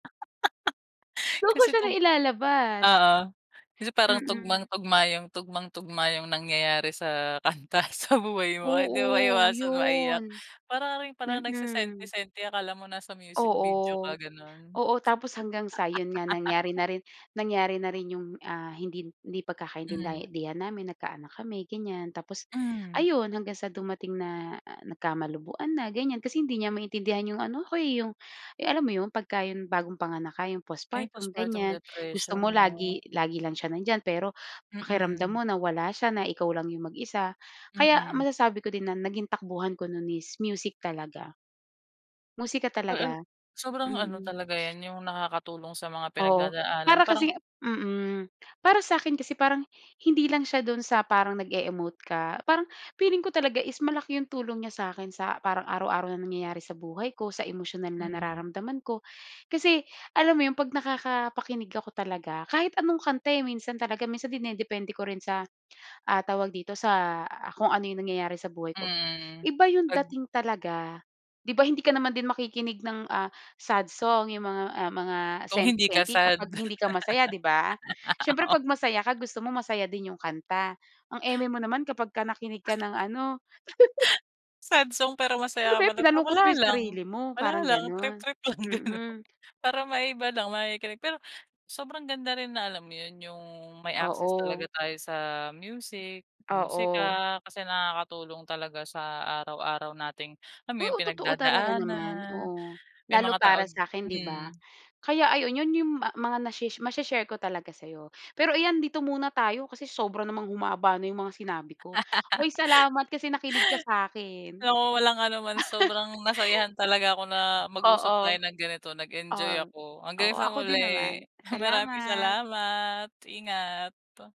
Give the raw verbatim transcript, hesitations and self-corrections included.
Doon ko Kasi siya 'tong nailalabas! Oo. Kasi parang Mm. tugmang-tugma yung tugmang tugma yung nangyayari sa kanta sa buhay mo. Hindi Oo, maiiwasan maiyak. 'yon. Para ka rin palang Mm. nagsesenti-senti, akala mo nasa music video Oo. ka, gano'n. Oo, tapos hanggang sa, 'yon nga, nangyari na rin nangyari na rin yung, ah, hindi hindi Hmm. pagkakaintinday-dihan namin, nagkaanak kami, ganyan, tapos Hmm. ayun, hanggang sa dumating na nagkamalabuan na, ganyan. Kasi hindi niya maintindihan yung ano ako eh yung alam mo 'yon? Pagka yung bagong panganak ka, yung Ay, postpartum, postpartum ganyan. Gusto mo depression, 'no? lagi lagi lang siya nandiyan, pero pakiramdam Mm. mo na wala siya, na ikaw lang yung mag-isa. Kaya Mm. masasabi ko din na naging takbuhan ko no'n is music talaga. Musika Well, ano talaga. sobrang ano Mm. talaga yan, yung nakakatulong sa mga Oo. pinagdadaanan Para parang kasing Mm. Para sa'kin kasi parang, hindi lang siya doon sa parang nag-e-emote ka, parang feeling ko talaga is malaki yung tulong niya sa'kin sa, parang araw-araw na nangyayari sa buhay ko, sa emosyonal na Mm. nararamdaman ko. Kasi, alam mo yon? 'Pag nakakapakinig ako talaga, kahit anong kanta eh, minsan talaga, minsan dinedepende ko rin sa, ah, tawag dito, sa kung ano yung nangyayari sa buhay ko. Mm. Iba yung 'Pag dating talaga. 'Di ba hindi ka naman din makikinig ng, ah, sad song yung mga ah, mga Kung hindi ka senti-senti sad? kapag hindi ka masaya, 'di ba? Siyempre Oh. 'pag masaya ka gusto mo masaya din yung kanta. Ang eme mo naman kapagka nakinig ka ng ano Sad song pero Ano masaya ka ba yan, pala? pinalungkot Wala mo yung lang, sarili mo, wala parang lang, ganon. trip-trip lang din 'no. Mm. Para maiba lang, makikinig pero sobrang ganda rin na, alam mo yon, yung may access talaga Oo. tayo sa music, sa musika, Oo. kasi nakakatulong talaga sa araw-araw nating, alam mo yon, Oo, totoo talaga naman. pinagdadaanan Oo, may lalo mga tawag para sa'kin 'di ba? Hmm. Kaya ayun, yon yung ma mga nashe mashe-share ko talaga sa'yo. Pero iyan, dito muna tayo, kasi sobra namang humaba na yung mga sinabi ko. Hoy, salamat kasi nakinig ka sa'kin! Oo. Walang anuman. Sobrang nasayahan talaga ako na mag-usap Oo. tayo ng ganito. Nag-enjoy Oh, ako. oo Hanggang sa ako din muli. naman. Maraming Salamat. salamat. Ingat.